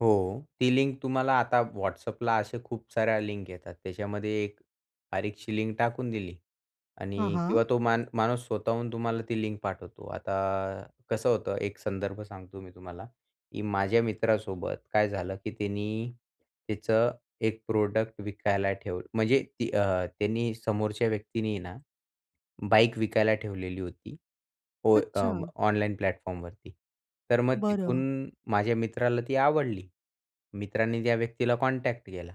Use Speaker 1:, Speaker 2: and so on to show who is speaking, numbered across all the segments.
Speaker 1: हो, ती लिंक तुम्हाला आता WhatsAppला अशा खूप साऱ्या लिंक येतात, त्याच्यामध्ये एक बारीकशी लिंक टाकून दिली
Speaker 2: हां,
Speaker 1: आणि
Speaker 2: हां.
Speaker 1: किंवा तो मा माणूस स्वतःहून तुम्हाला ती लिंक पाठवतो. आता कसं होतं, एक संदर्भ सांगतो मी तुम्हाला की माझ्या मित्रासोबत काय झालं, की त्यानी त्याचं एक प्रोडक्ट विकायला ठेव म्हणजे ती अ, त्यांनी समोरच्या व्यक्तीनी आहे ना बाईक विकायला ठेवलेली होती ओ अं,
Speaker 2: अच्छा.
Speaker 1: ऑनलाईन प्लॅटफॉर्मवरती. तर मग तिथून
Speaker 2: बरं.
Speaker 1: माझ्या मित्राला ती आवडली. मित्रांनी त्या व्यक्तीला कॉन्टॅक्ट केला.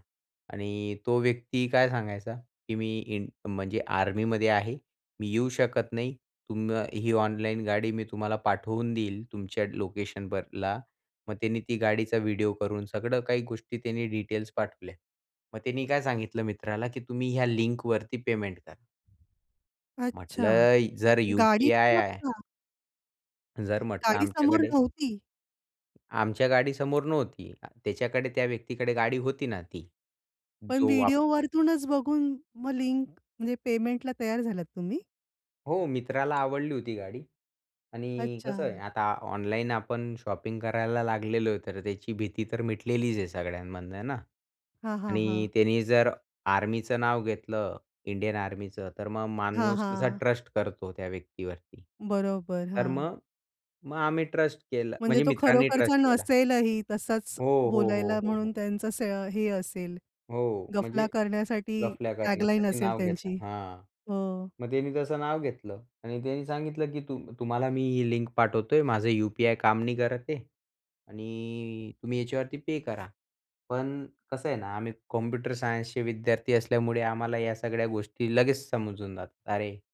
Speaker 1: आणि तो व्यक्ती काय सांगायचा की मी इं म्हणजे आर्मीमध्ये आहे. मी येऊ शकत नाही. तुम्ही अ, ही ऑनलाईन गाडी मी तुम्हाला पाठवून देईल तुमच्या लोकेशनवरला. मग त्याने ती गाडीचा व्हिडिओ करून सगळं काही गोष्टी त्याने डिटेल्स पाठवल्या. मग त्यानी काय सांगितलं मित्राला की तुम्ही ह्या लिंकवरती पेमेंट करा.
Speaker 2: अच्छा,
Speaker 1: म्हटलं जर
Speaker 2: गाडी
Speaker 1: यू-पी-आय
Speaker 2: समोर
Speaker 1: आहे
Speaker 2: का? अ,
Speaker 1: जर म्हटलं
Speaker 2: गाडी समोर
Speaker 1: आमच्याकडे
Speaker 2: नव्हती?
Speaker 1: आमच्या गाडी समोर नव्हती. त्याच्याकडे त्या व्यक्तीकडे गाडी होती ना ती
Speaker 2: पण
Speaker 1: जो वाप
Speaker 2: व्हिडिओवरतूनच बघून मग लिंक म्हणजे पेमेंटला तयार झालात तुम्ही?
Speaker 1: हो, मित्राला आवडली होती गाडी आणि कसं आहे
Speaker 2: अच्छा.
Speaker 1: आता ऑनलाईन आपण शॉपिंग करायला लागलेलो आहे, तर त्याची भीती तर मिटलेलीच आहे सगळ्यांमधनं आहे ना
Speaker 2: हां, हां,
Speaker 1: आणि
Speaker 2: हां.
Speaker 1: त्यानी जर आर्मीचं नाव घेतलं, इंडियन आर्मीचं तर मग
Speaker 2: हां,
Speaker 1: माणूस कसा
Speaker 2: हां.
Speaker 1: ट्रस्ट करतो त्या व्यक्तीवरती.
Speaker 2: बरोबर.
Speaker 1: तर
Speaker 2: हां.
Speaker 1: मग मग आम्ही ट्रस्ट केलं
Speaker 2: म्हणजे
Speaker 1: म्हणजे
Speaker 2: तो
Speaker 1: मित्रांनी
Speaker 2: खरोखरचा
Speaker 1: ट्रस्ट केला.
Speaker 2: नसेलही. तसाच
Speaker 1: हो, हो, हो,
Speaker 2: बोलायला
Speaker 1: हो,
Speaker 2: म्हणून
Speaker 1: हो.
Speaker 2: त्यांचं असं हे असेल,
Speaker 1: हो.
Speaker 2: गफला
Speaker 1: म्हणजे
Speaker 2: करण्यासाठी
Speaker 1: गफल्या
Speaker 2: टॅग लाईन
Speaker 1: करण्यासाठी
Speaker 2: असेल
Speaker 1: नाव घेतलं
Speaker 2: त्यांची.
Speaker 1: हां.
Speaker 2: हो.
Speaker 1: मग त्यांनी तसं नाव घेतलं आणि त्यांनी सांगितलं की तू तुम्हाला मी ही लिंक पाठवतोय, माझं यू-पी-आय काम नाही करत आहे आणि तुम्ही याच्यावरती पे करा. पण कसं आहे ना आम्ही कॉम्प्युटर सायन्सचे विद्यार्थी असल्यामुळे आम्हाला या सगळ्या गोष्टी लगेच समजून जातात. अरे